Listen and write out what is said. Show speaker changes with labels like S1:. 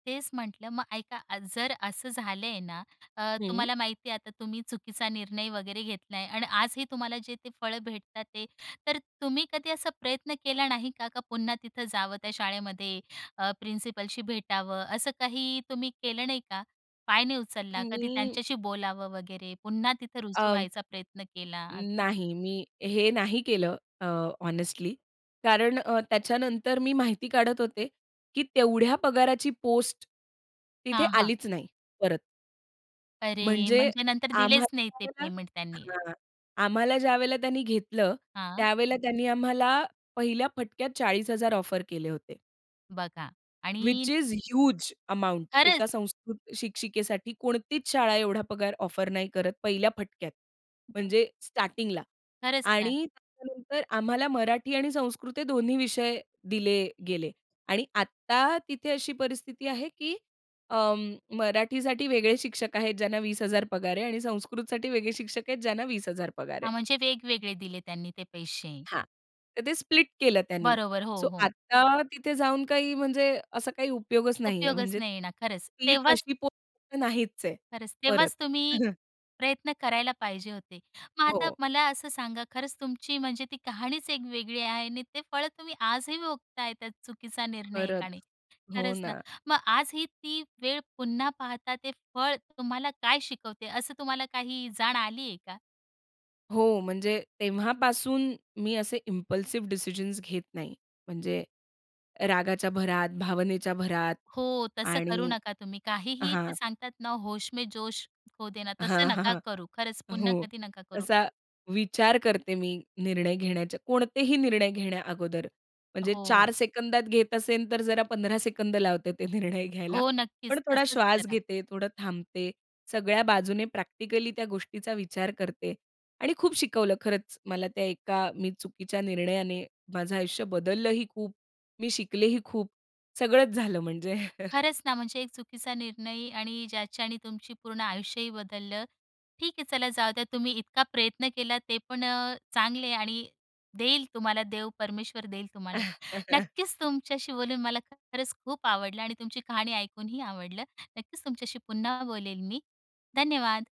S1: तेच म्हटलं मग ऐका, जर असं झालं ना अ,
S2: हं.
S1: तुम्हाला माहिती आहे आता तुम्ही चुकीचा निर्णय वगैरे घेतला आहे. आणि आजही तुम्हाला जे ते फळं भेटत आहेत तर तुम्ही कधी असा प्रयत्न केला नाही का? का पुन्हा तिथं जावं त्या शाळेमध्ये अ, प्रिन्सिपलशी भेटावं, असं काही तुम्ही केलं नाही का, पाय नाही उचलला कधी
S2: मी.
S1: त्यांच्याशी बोलावं वगैरे. पुन्हा तिथं रुजू
S2: अं
S1: व्हायचा प्रयत्न केला असं?
S2: नाही, मी हे नाही केलं अ, हॉनेस्टली. कारण अ, त्याच्यानंतर मी माहिती काढत होते की, तेवढ्या पगाराची पोस्ट, तिथे
S1: हां, हां.
S2: आलीच नाही परत.
S1: अरे!
S2: म्हणजे
S1: म्हणजे नंतर दिलेच नाही ते
S2: आम्हाला
S1: पेमेंट
S2: [unintelligible]
S1: त्यांनी.
S2: हां. आम्हाला ज्यावेळेला त्यांनी घेतलं
S1: हां.
S2: त्यावेळेला त्यांनी आम्हाला पहिल्या फटक्यात 40,000 ऑफर केले होते.
S1: बघा. आणि
S2: व्हिच इस ह्यूज अमाउंट
S1: खरंच.
S2: एका संस्कृत शिक्षिकेसाठी कोणतीच शाळा एवढा पगार ऑफर नाही करत पहिल्या फटक्यात.
S1: [unintelligible]
S2: म्हणजे स्टार्टिंगला
S1: खरंच ना.
S2: आणि त्याच्यानंतर आम्हाला मराठी आणि संस्कृत हे दोन्ही विषय दिले गेले. आणि आत्ता तिथे अशी परिस्थिती आहे की अं, मराठीसाठी वेगळे शिक्षक आहेत ज्यांना 20,000 पगार आहे आणि संस्कृतसाठी वेगळे शिक्षक आहेत ज्यांना 20,000 पगार
S1: हां,
S2: आहे.
S1: म्हणजे वेगवेगळे दिले त्यांनी ते पैसे.
S2: हां, तर ते स्प्लिट केलं त्यांनी
S1: बरोबर. हो,
S2: सो
S1: हो.
S2: आत्ता तिथे जाऊन काही म्हणजे असा काही उपयोगच नाहीये,
S1: उपयोगच
S2: म्हणजे
S1: नाहीये ना, खरंच.
S2: ती
S1: तेव्हाच
S2: तशी पोस्ट नाहीच आहे
S1: खरंच,
S2: परत.
S1: तेव्हाच तुम्ही प्रयत्न करायला पाहिजे होते. मग आता
S2: हो.
S1: मला असं सांगा खरंच तुमची म्हणजे ती कहाणीच एक वेगळी आहे आणि ते फळ तुम्ही आजही भोगताय, त्या चुकीचा निर्णय
S2: खरंच,
S1: एकाने.
S2: हो
S1: खरंच ना,
S2: ना.
S1: मग आजही ती वेळ पुन्हा पाहता ते फळ तुम्हाला काय शिकवते? असं तुम्हाला काही जाण आली आहे का?
S2: हो. म्हणजे तेव्हापासून मी असे इम्पल्सिव्ह डिसिजन्स घेत नाही. म्हणजे रागाच्या भरात, भावनेच्या भरात
S1: हो, तसं करू
S2: आणि
S1: नका तुम्ही काहीही ते
S2: हां
S1: सांगतात ना "होश में जोश खो देना," तसं
S2: हां, हां,
S1: नका
S2: हां,
S1: करू, खरंच पुन्हा
S2: हो
S1: कधी नका करू.
S2: तसा विचार करते मी, निर्णय घेण्याच्या कोणतेही निर्णय घेण्या अगोदर म्हणजे 4
S1: हो.
S2: सेकंदात घेत असेल तर जरा 15 सेकंद लावते ते निर्णय घ्यायला.
S1: हो
S2: पण
S1: नक्कीच.
S2: थोडा
S1: तसंच
S2: श्वास
S1: करा.
S2: घेते, थोडं थांबते, सगळ्या बाजूने प्रॅक्टिकली त्या गोष्टीचा विचार करते आणि खूप शिकवलं खरंच मला त्या एका मी चुकीच्या निर्णयाने, माझं आयुष्य बदललंही खूप, मी शिकलेही खूप, सगळंच झालं म्हणजे.
S1: खरंच ना, म्हणजे एक चुकीचा निर्णय आणि ज्याच्याने तुमची पूर्ण आयुष्यही बदललं. ठीक आहे चला जाऊ द्या तुम्ही इतका प्रयत्न केला तेपण अ, चांगले आहे आणि देईल तुम्हाला देव परमेश्वर देईल तुम्हाला. नक्कीच तुमच्याशी बोलून मला खरंच खूप आवडलं आणि तुमची कहाणी ऐकूनही आवडलं. नक्कीच तुमच्याशी पुन्हा बोलेल मी धन्यवाद.